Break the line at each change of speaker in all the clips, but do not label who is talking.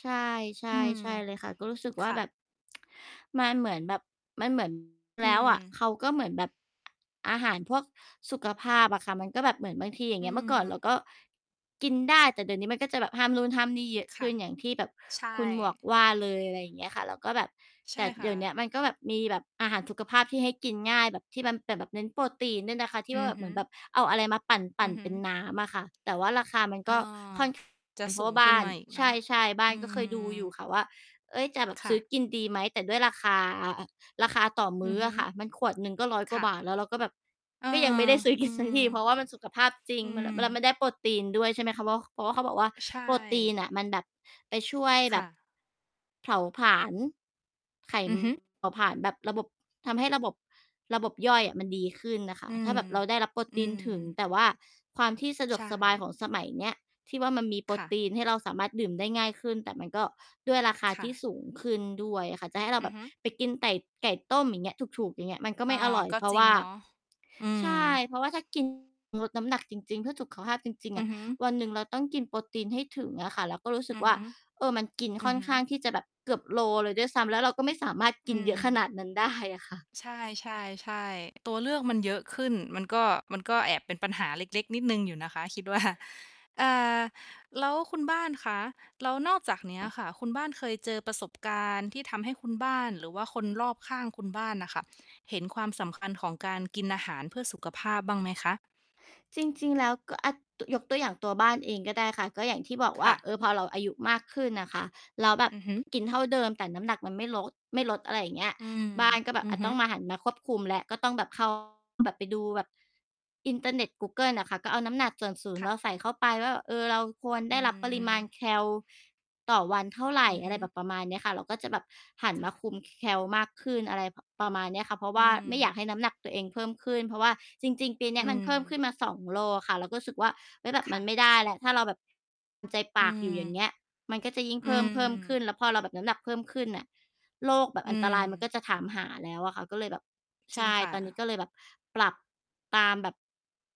ใช่
อืม
ๆ ใช่เลยค่ะ ก็รู้สึกว่
ค
า
่
แบ
ะ
บ มันเหมือนแบบ มัน เหมือน
อื
แล้วอะ
ม
เขาก็เหมือนแบบ อาหารพวกสุขภาพอะค่ะ มันก็แบบเหมือนบางที อย่าง
อ
เ
ื
งี้ย เมื่อก่อนเรา
ม
ก็กินได้ แต่เดี๋ยวนี้มันก็จะแบบห้ามนู่นห้ามนี่เยอะ
ค
ข
่
ึ
ะ
้น อย่างที่แบบ
ใช
ค
่
ุณหมวกว่าเลย อะไรอย่างเงี้ยค่ะ แล้วก็แบบ
ใช
แต
่
่
ค
เด
่
ี๋ยวเนี
ะ
้ยมันก็แบบมีแบบอาหารสุขภาพที่ให้กินง่าย แบบที่มันเป็นแบบเน้นโปรตีนด้วยนะคะ ที่
อ
ว่
ื
า
อ
แบ
ฮ
บเห
ึ
มือนแบบเอาอะไรมาปั
อ
่
ื
น
อฮ
ๆ เ
ึ
ป็นน้ำอะค่ะ แต่ว่าราคามัน
อ
ก
า
็ค่อน ข้าง
จ
เ
ะ
ป็นเพ
ส
รา
ู
ะว
ง
่าบ
ขึ้
้
น
า
ม
น
าอีก
ใ
เนาะ
ช่ ๆ บ้า
อ
น
ื
ก็เคยดูอยู
ม
่ค่ะว่า "เฮ้ย จะแบบ
ค
ซ
่
ื
ะ
้อกินดีไหม?" แต่ด้วยราคา อ่า ราคาต่อม
อ
ื
ื
้
อ
อ
ฮึ
อะค่ะ มันขวดหนึ่งก็ 100 ก
ค
ว่า
่ะ
บาท แล้วเราก็แบบ
เออ
ก็ยังไม่ได้ ซื้อก
อื
ิน ส
ม
ักที เพราะว่ามันสุขภาพจริง
อื
มันแบบ แล้วม
ม
ันได้โปรตีนด้วย ใช่ไหมคะ ว้อก ค เพราะว่าเขาบอกว่า
ใช่
โปรตีนน่ะมันแบบ ไปช่วย
ค
แบบ
่ะ
เผาผลาญ ไข
อ
ม
ื
ั
อ
น
ฮึ
เผาผลาญแบบระบบ ทำให้ระบบ ระบบย่อยอะมันดีขึ้นน่ะค่ะ
อื
ถ้
ม
าแบบเราได้รับโปร
อื
ตีนถึง
ม
แต่ว่าความที่สะด
ใ
ว
ช
กสบาย
่
ของสมัยเนี้ย ที่ว่ามันมีโปร
ค่ะ
ตีนให้เราสามารถดื่มได้ง่ายขึ้น แต่มันก็ ด้วยราคา
ค
ท
่
ี่
ะ
สูงขึ้นด้วยอะค่ะ จะให้เรา
อ
แ
ื
บ
อ
บ
ฮึ
ไปกินไต่ ไก่ต้ม อย่างเงี้ย ถูก ๆ อย่างเงี้ย มันก็
อ
ไม
า
่อร่อย
ก็
เพรา
จ
ะ
ร
ว
ิง
่า
เนาะ อื
ใช่
ม
เพราะว่า ถ้า กิน ลดน้ำหนักจริง ๆ เพื่อสุขภาพจริง ๆ
อ
อ
ือ
ะ
ฮึ
วันหนึ่งเราต้องกินโปรตีนให้ถึงอะค่ะ แล้วก็รู้สึ
อ
ก
ือ
ว่
ฮ
า
ึ
เออ มันกิน
อ
ค
ื
่
อ
อน
ฮึ
ข้างที่จะแบบเกือบโลเลยด้วยซ้ำ แล้วเราก็ไม่สามารถ
อ
กิ
ื
นเยอะขน
ม
าดนั้น ได้อะค่ะ
ใช่ ๆ ๆ ตัวเลือกมันเยอะขึ้น มันก็ มันก็แอบเป็นปัญหาเล็ก ๆ นิดหนึ่งอยู่นะคะ คิด ว่า อ่า แล้วคุณบ้านคะ แล้วนอกจากเนี้ยค่ะคุณบ้านเคยเจอประสบการณ์ที่ทำให้คุณบ้าน หรือว่าคนรอบข้างคุณบ้านน่ะค่ะเห็นความสำคัญของการกินอาหารเพื่อสุขภาพบ้างไหมคะ?
จริง ๆ แล้วก็ อั้ด ตุ ยกตัวอย่าง ตัวบ้านเองก็ได้ค่ะ ก็อย่างที่บอก
ค
ว่า
่ะ
เออ พอเราอายุมากขึ้นน่ะค่ะ แล้วแบบ
อือฮึ
กินเท่าเดิม แต่น้ำหนักมันไม่ลด ไม่ลด อะไรอย่างเงี้ย
อืม
บ้านก็แบ
อื
บ อ
อ
ะ
ฮ
ต
ึ
้องมา หันมาควบคุมแล้ว ก็ต้องแบบ เข้า แบบไปดูแบบ อินเทอร์เน็ต กูเกิลน่ะค่ะ ก็เอาน้ำหนัก ส่วนสูง
ค
เ
่
รา
ะ
ใส่เข้าไปว่า เออ เราควร
อ
ได
ื
้รับปริมาณ
ม
แคลต่อวันเท่าไร
อือฮ
อะไ
ึ
รแบบประมาณเนี้ยค่ะ แล้วก็จะแบบหัน
ค
ม
่
า
ะ
คุม ค แคลมากขึ้น อะไร ผ ประมาณเนี้ยค่ะ เพราะ
อ
ว
ื
่าไม่อยา
ม
กให้น้ำหนักตัวเองเพิ่มขึ้น เพราะว่าจริง ๆ ปีเนี้
อ
ย
ื
มันเพิ่มข
ม
ึ้นมา 2 โลอะค่ะ เราก็สึกว่า "เฮ้ย! แบบ
ค
ม
่
ัน
ะ
ไม่ได้แล้ว ถ้าเรา แบบ ตาม ใจป
อื
ากอยู่ อย่างเ
ม
งี้ย มันก็จะยิ่ง
อื
เพิ่ม เพิ่มขึ้
ม
น" แล้วพอเราแบบน้ำหนักเพิ่มขึ้นน่ะ โรคแบบ
อื
อันตรายมันก
ม
็จะถามหาแล้วอะค่ะ ก็เลยแบบ ใ
จร
ช
ิง
่
ค่
ตอนนี้
ะ
ก็เลยแบบ ปรับตามแบบ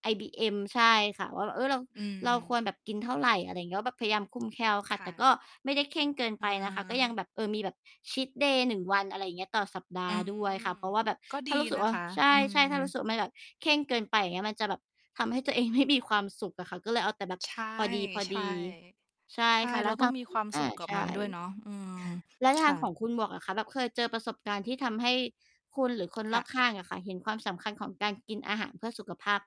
BMI ใช่ค่ะ ว่าแบบ "เออ เรา
อื
เราค
ม
วรแบบกินเท่าไร?" อะไรเงี้ย แล้วแบบพยายามคุมแคลค่ะ
ค่
แต่
ะ
ก็ไม่ได้เคร่งเกิน
อ
ไ
ะ
ป
ฮ
นะคะ ก็ยัง
ะ
แบบ เออ มีแบบชีตเดย์ 1 วัน อะไรอย่างเงี้ย ต่อสัปด
อ
า
ื
ห์
ม
ด้วยค่ะ เพราะว่าแบบ
ก็ด
ถ
ี
้ารู้สึ
น
ก
ะ
ว่า
คะ
ใช
อื
่ ๆ ถ้ารู้
ม
สึกว่า มัน แบบเคร่งเกินไป อย่างเงี้ย มันจะแบบ ทำให้ ตัวเองไม่ มีความสุขอะค่ะ ก็เลยเอาแต่แบบ
ใช่
พอดี ๆ ใช่
ๆ ใช
ค
่
่ะ แล
เร
้
า
วท
ต้อ
า
ง
ง
มี
คุ
คว
ณ
าม
อ
ส
า
ุขกั
ใ
บ
ช
มันด้วย
่
เนาะ อืม
แล้วท
ค
าง
่
ข
ะ
องคุณหมวกล่ะคะ แบบเคยเจอประสบการณ์ที่ทำให้คุณหรือคน
ค
ร
่
อบ
ะ
ข้างอะค่ะเห็นความสำคัญของการกินอาหารเพื่อสุขภาพ